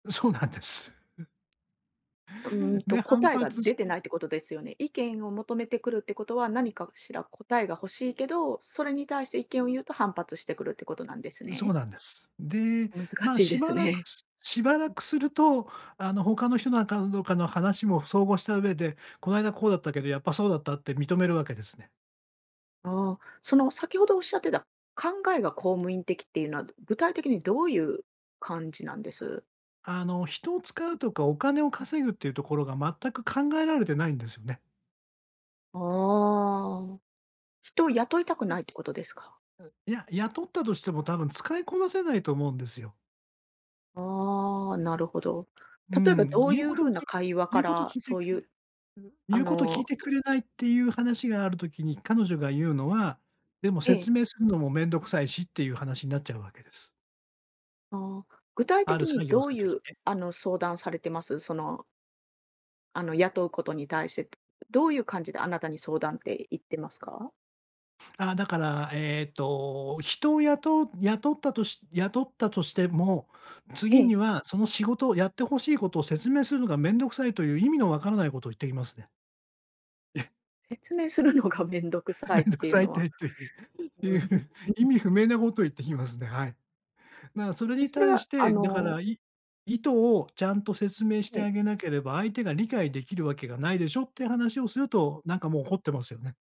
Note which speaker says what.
Speaker 1: う、そうなんです。
Speaker 2: うーん
Speaker 1: う、
Speaker 2: と、
Speaker 1: で、反
Speaker 2: 答えが
Speaker 1: 発し
Speaker 2: 出て
Speaker 1: て
Speaker 2: ないってことですよね？意見を求めてくるってことは、何かしら答えが欲しいけど、それに対して意見をゆうと、反発してくるってことなんです
Speaker 1: う、そう
Speaker 2: ね？
Speaker 1: なんです。で、
Speaker 2: 難
Speaker 1: まあ、
Speaker 2: しい
Speaker 1: し
Speaker 2: です
Speaker 1: ばらく
Speaker 2: ね。
Speaker 1: すしばらくすると、あの、他の人の、あかうんどうかの話も総合した上で、この間こうだったけど、やっぱそうだったって認めるわけですね。
Speaker 2: ああ、その、先ほど仰ってた、考えが公務員的っていうのは、ど具体的にどういう感じなんです？
Speaker 1: あの、人を使うとか、お金を稼ぐっていうところが、全く考えられてないんですよね。
Speaker 2: ああああ、人を雇いたく
Speaker 1: や
Speaker 2: な
Speaker 1: は、
Speaker 2: いってことですか？
Speaker 1: う、いや、雇ったとしても、多分使いこなせないと思うんですよ。
Speaker 2: ああ、なるほど。
Speaker 1: う
Speaker 2: 例えば
Speaker 1: ん。
Speaker 2: どう
Speaker 1: ゆう
Speaker 2: ゆう
Speaker 1: こと
Speaker 2: 風な
Speaker 1: き
Speaker 2: 会話
Speaker 1: ゆ
Speaker 2: か
Speaker 1: うこと
Speaker 2: ら、
Speaker 1: 聞いて
Speaker 2: そう
Speaker 1: く
Speaker 2: ゆ
Speaker 1: れん、
Speaker 2: う、あ
Speaker 1: ゆうこと聞い
Speaker 2: の
Speaker 1: てくれないってゆう話がある時に、彼女がゆうのは、「でも、
Speaker 2: え
Speaker 1: 説
Speaker 2: え。
Speaker 1: 明するのも面倒くさいし」ってゆう話になっちゃうわけです。
Speaker 2: ああ。具体
Speaker 1: ある
Speaker 2: 的
Speaker 1: 作
Speaker 2: に
Speaker 1: 業
Speaker 2: ど
Speaker 1: す
Speaker 2: う
Speaker 1: る
Speaker 2: ゆ
Speaker 1: 時に
Speaker 2: う、
Speaker 1: ね。
Speaker 2: あの、相談されてます？そのあの、雇うことに対して、どういう感じであなたに相談っていってますか？
Speaker 1: あ、だから、えっと、人を雇う雇ったとし雇ったとしても、
Speaker 2: え
Speaker 1: 次
Speaker 2: え。
Speaker 1: には、その仕事を、やって欲しいことを説明するのがめんどくさいという、意味の分からないことを言ってきますね。え。
Speaker 2: 説明するのがめんどくさい
Speaker 1: め
Speaker 2: っ
Speaker 1: んどく
Speaker 2: ていう
Speaker 1: さい
Speaker 2: の
Speaker 1: た
Speaker 2: は
Speaker 1: いとゆう
Speaker 2: う
Speaker 1: ゆ
Speaker 2: ん、
Speaker 1: う
Speaker 2: う
Speaker 1: 意味
Speaker 2: ん。
Speaker 1: 不明なこと言ってきますね、はい。だか、それ
Speaker 2: え、
Speaker 1: に
Speaker 2: それ
Speaker 1: 対し
Speaker 2: は、あ
Speaker 1: て、だから、
Speaker 2: の
Speaker 1: い意図をちゃんと説明して
Speaker 2: ええ。
Speaker 1: あげなければ、相手が理解出来るわけがないでしょって話をすると、なんかもう怒ってますよね。